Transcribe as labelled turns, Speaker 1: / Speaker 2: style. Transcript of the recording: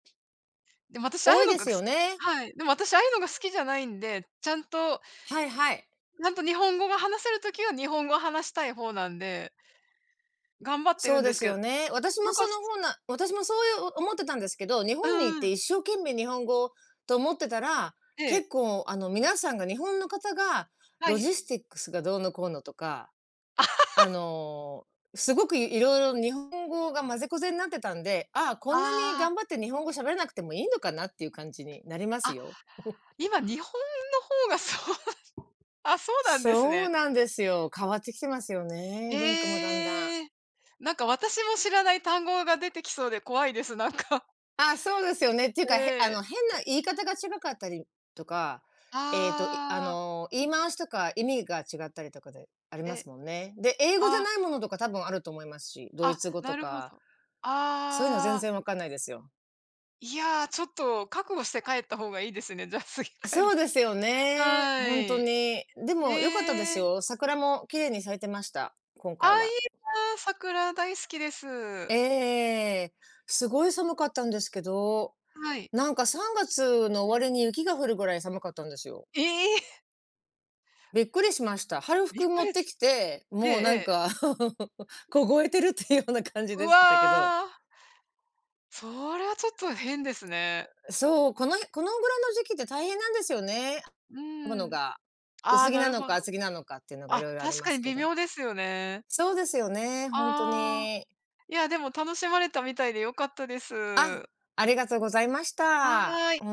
Speaker 1: でも、私ああ
Speaker 2: 多
Speaker 1: い
Speaker 2: い
Speaker 1: うの
Speaker 2: で
Speaker 1: が
Speaker 2: す
Speaker 1: く
Speaker 2: よ
Speaker 1: す
Speaker 2: ね。
Speaker 1: はい、でも私ああいうのが好きじゃないんで、ちゃんと、
Speaker 2: はいはい。
Speaker 1: やんと日本語が話せる時は日本語話したい方なんで頑張って
Speaker 2: そ
Speaker 1: る
Speaker 2: う
Speaker 1: んで
Speaker 2: で
Speaker 1: す
Speaker 2: す
Speaker 1: けう、
Speaker 2: よね。私
Speaker 1: な
Speaker 2: も
Speaker 1: んか、
Speaker 2: その
Speaker 1: す
Speaker 2: ほうな私もそういう思ってたんですけど、日
Speaker 1: う
Speaker 2: 本に行
Speaker 1: ん
Speaker 2: っ
Speaker 1: う
Speaker 2: て
Speaker 1: ん。
Speaker 2: 一生懸命日本語と思ってたら、
Speaker 1: ええ。
Speaker 2: 結構あの、皆さんが日本の方が、
Speaker 1: は
Speaker 2: ロ
Speaker 1: い。
Speaker 2: ジスティックスがどうのこうのとか、あ の、すごくいいろいろ日本語が混ぜこぜんなってたんで、ああ、こんなに
Speaker 1: ああ。
Speaker 2: 頑張って日本語喋れなくてもいいのかなっていう感じになります
Speaker 1: あ、
Speaker 2: よ。
Speaker 1: 今日本の方がそう、あ、そうなんです
Speaker 2: そう
Speaker 1: ね。
Speaker 2: なんですよ、変わってきてますよね、文化もだんだん。
Speaker 1: へえ。なんか私も知らない単語が出てきそうで怖いです、なんか。
Speaker 2: あ、そうですよねっていうか、へあ
Speaker 1: ええ。
Speaker 2: の、変な言い方が違かったりとか、ええと、いあ
Speaker 1: ああ。
Speaker 2: の、言い回しとか意味が違ったりとかでありま
Speaker 1: え。
Speaker 2: すもんね。で、英語じ
Speaker 1: あ
Speaker 2: ゃ
Speaker 1: あ。
Speaker 2: ないものとか多分あると思いますし、ドイ
Speaker 1: あ、
Speaker 2: ツ語と
Speaker 1: なるほ
Speaker 2: か
Speaker 1: ど。
Speaker 2: そういうの全
Speaker 1: ああ。
Speaker 2: 然わかんないですよ。
Speaker 1: いや、ちょっと覚悟して帰った方がいいですね、じゃあ、すぎ帰
Speaker 2: そ
Speaker 1: る
Speaker 2: うで
Speaker 1: 時。
Speaker 2: すよね。
Speaker 1: はい。
Speaker 2: ほんと
Speaker 1: え
Speaker 2: に。でもよかったです
Speaker 1: え！
Speaker 2: よ。桜も綺麗に咲いてました、今
Speaker 1: あ
Speaker 2: 回
Speaker 1: あ、いい
Speaker 2: は。
Speaker 1: な、桜大好きで
Speaker 2: え
Speaker 1: す。
Speaker 2: えええ。すごい寒かったんですけど、
Speaker 1: はい。
Speaker 2: なんか3月の終わりに雪が降るぐらい寒かったんですよ。
Speaker 1: ええ！
Speaker 2: びっくりしました。春
Speaker 1: びっ
Speaker 2: 服
Speaker 1: く
Speaker 2: 持っ
Speaker 1: り
Speaker 2: て
Speaker 1: つ
Speaker 2: きて、
Speaker 1: ええ
Speaker 2: もう
Speaker 1: え
Speaker 2: なん
Speaker 1: え。
Speaker 2: か、凍えてるっていうような感じ
Speaker 1: ぐ
Speaker 2: ですけたけど。
Speaker 1: わ。それはちょっと変ですね。
Speaker 2: う そう、この、へこのぐらいの時期って大変なんですよね、
Speaker 1: う
Speaker 2: もの
Speaker 1: ん。
Speaker 2: が。
Speaker 1: あ
Speaker 2: 薄
Speaker 1: あ、
Speaker 2: 着
Speaker 1: な
Speaker 2: な
Speaker 1: る
Speaker 2: の
Speaker 1: ほど。
Speaker 2: か厚着なのかっていうのがい
Speaker 1: あ、
Speaker 2: ろいろあり
Speaker 1: 確
Speaker 2: ま
Speaker 1: か
Speaker 2: す
Speaker 1: に
Speaker 2: け
Speaker 1: 微
Speaker 2: ど。
Speaker 1: 妙ですよね。
Speaker 2: そうですよね、ほんと
Speaker 1: ああ、
Speaker 2: に。
Speaker 1: いや、でも楽しまれたみたいで良かったで
Speaker 2: あ、
Speaker 1: す。
Speaker 2: ありがとうございました。
Speaker 1: はい。
Speaker 2: おん